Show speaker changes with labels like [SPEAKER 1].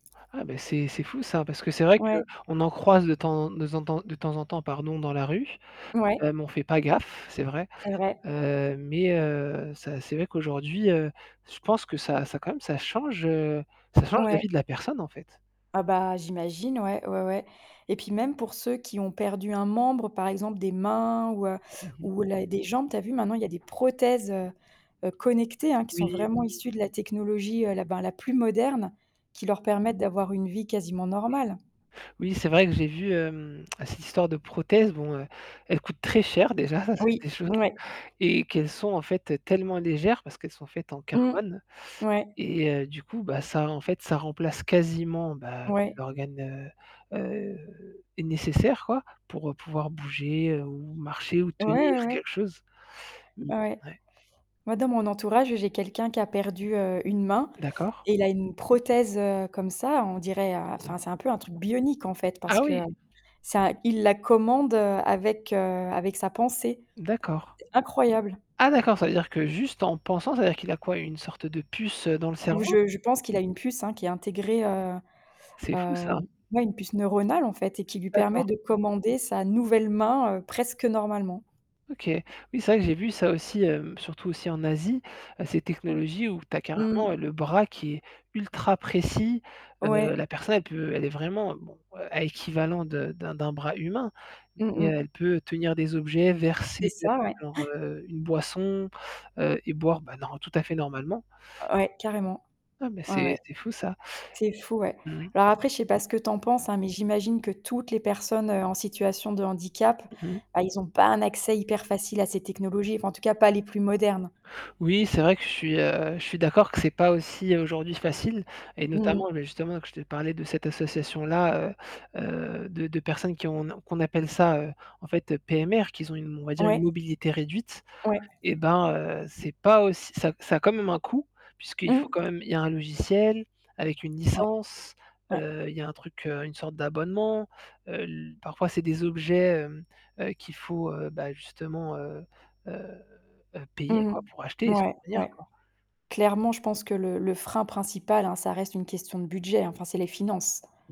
[SPEAKER 1] Ah bah, c'est c'est fou ça. Parce que c'est vrai que,
[SPEAKER 2] Ouais.
[SPEAKER 1] on en croise de temps de zen temps de temps en temps, pardon, dans la rue, heu,
[SPEAKER 2] Ouais.
[SPEAKER 1] mais on fait pas gaffe, c'est vrai.
[SPEAKER 2] C'est vrai.
[SPEAKER 1] Heu, mais heu, ça c'est vrai qu'aujourd'hui, heu, je pense que ça ça quand même ça change, heu, ça change la
[SPEAKER 2] Ouais.
[SPEAKER 1] vie de la personne, en fait.
[SPEAKER 2] Ah bah, j'imagine ouais, ouais, ouais, et puis même pour ceux qui ont perdu un membre par exemple des mains ou heu,
[SPEAKER 1] Mmh mh.
[SPEAKER 2] ou la des jambes, tu as vu? Maintenant il y a des prothèses, heu heu, connectées, hein. Qui sont
[SPEAKER 1] Oui.
[SPEAKER 2] vraiment issues de la technologie, heu, la ben, la plus moderne, qui leur permettent d'avoir une vie quasiment normale.
[SPEAKER 1] Oui, c'est vrai que j'ai vu, hem, cette histoire de prothèse, bon, heu, elle coûte très cher déjà, ça c'est
[SPEAKER 2] Oui,
[SPEAKER 1] des choses,
[SPEAKER 2] ouais.
[SPEAKER 1] et qu'elles sont en fait tellement légères parce qu'elles sont faites en
[SPEAKER 2] Mmh.
[SPEAKER 1] carbone.
[SPEAKER 2] Ouais.
[SPEAKER 1] Et heu, du coup, bah ça, en fait, ça remplace quasiment, bah
[SPEAKER 2] Ouais.
[SPEAKER 1] l'organe, heu heu, nécessaire quoi. Pour, heu, pouvoir bouger ou marcher ou
[SPEAKER 2] Ouais,
[SPEAKER 1] tenir
[SPEAKER 2] ouais, ouais.
[SPEAKER 1] quelque chose. Mmh.
[SPEAKER 2] Ouais.
[SPEAKER 1] Ouais.
[SPEAKER 2] Moi, dans mon entourage, j'ai quelqu'un qui a perdu, heu, une main
[SPEAKER 1] D'accord.
[SPEAKER 2] et il a une prothèse, heu, comme ça, on dirait, heu,
[SPEAKER 1] Mmh.
[SPEAKER 2] enfin, c'est un peu un truc bionique en fait parce
[SPEAKER 1] Ah
[SPEAKER 2] que,
[SPEAKER 1] oui!
[SPEAKER 2] heu, ça il la commande, heu, avec, heu, avec sa pensée.
[SPEAKER 1] D'accord.
[SPEAKER 2] Incroyable.
[SPEAKER 1] Ah, d'accord, ça veut dire que, juste en pensant, ça veut dire qu'il a quoi? Une sorte de puce, heu, dans le cerveau?
[SPEAKER 2] Je je pense qu'il a une puce, hein, qui est intégrée, heu
[SPEAKER 1] C'est, fou,
[SPEAKER 2] heu,
[SPEAKER 1] ça.
[SPEAKER 2] ouais, une puce neuronale, en fait, et qui lui permet
[SPEAKER 1] D'accord.
[SPEAKER 2] de commander sa nouvelle main, heu, presque normalement.
[SPEAKER 1] OK. Oui, c'est vrai que j'ai vu ça aussi, hem, surtout aussi en Asie, heu, ces technologies où tu as
[SPEAKER 2] Mmh.
[SPEAKER 1] carrément, heu, le bras qui est ultra précis. Heu,
[SPEAKER 2] Ouais.
[SPEAKER 1] la personne elle peut elle est vraiment, bon, heu, à équivalent de d'un d'un bras humain.
[SPEAKER 2] Mmh
[SPEAKER 1] Et
[SPEAKER 2] mh.
[SPEAKER 1] elle peut tenir des objets,
[SPEAKER 2] C'est
[SPEAKER 1] verser, heu,
[SPEAKER 2] ça, ouais.
[SPEAKER 1] genre, heu, une boisson, heu, et boire, ben nor tout à fait normalement.
[SPEAKER 2] Ouais, carrément,
[SPEAKER 1] Non, mais
[SPEAKER 2] ouais,
[SPEAKER 1] c'est
[SPEAKER 2] ouais.
[SPEAKER 1] c'est fou ça.
[SPEAKER 2] C'est fou, ouais.
[SPEAKER 1] Mmh.
[SPEAKER 2] Alors, après, je sais pas ce que tu en penses, hein, mais j'imagine que toutes les personnes, heu, en situation de handicap.
[SPEAKER 1] Mmh mh.
[SPEAKER 2] Ah, ils ont pas un accès hyper facile à ces technologies, enfin, en tout cas, pas les plus modernes.
[SPEAKER 1] Oui, c'est vrai que je suis, heu, je suis d'accord que c'est pas aussi, aujourd'hui, facile. Et
[SPEAKER 2] Mmh mh.
[SPEAKER 1] notamment, mais justement, que je t'ai parlé de cette association-là, heu heu, de de personnes qui ont, ne qu'on appelle ça, heu, en fait, heu, PMR, qu'ils ont une, on va dire une
[SPEAKER 2] Ouais.
[SPEAKER 1] mobilité réduite.
[SPEAKER 2] Ouais.
[SPEAKER 1] Et bah heu, c'est pas auss ça ça a quand même un coût, puisqu'il faut
[SPEAKER 2] Mmh.
[SPEAKER 1] quand même il y a un logiciel, avec une
[SPEAKER 2] Ouais,
[SPEAKER 1] licence,
[SPEAKER 2] ouais.
[SPEAKER 1] heu, il y a un truc, heu, une sorte d'abonnement. Heu, le parfois, c'est des objets, hem, heu, qu'il faut, heu, bah justement, heu heu heu,
[SPEAKER 2] Mmh
[SPEAKER 1] payer quoi pour acheter
[SPEAKER 2] mh.
[SPEAKER 1] et
[SPEAKER 2] Ouais,
[SPEAKER 1] subvenir
[SPEAKER 2] ouais.
[SPEAKER 1] quoi.
[SPEAKER 2] Clairement, je pense que le le frein principal, hein, ça reste une question de budget, enfin, c'est les finances.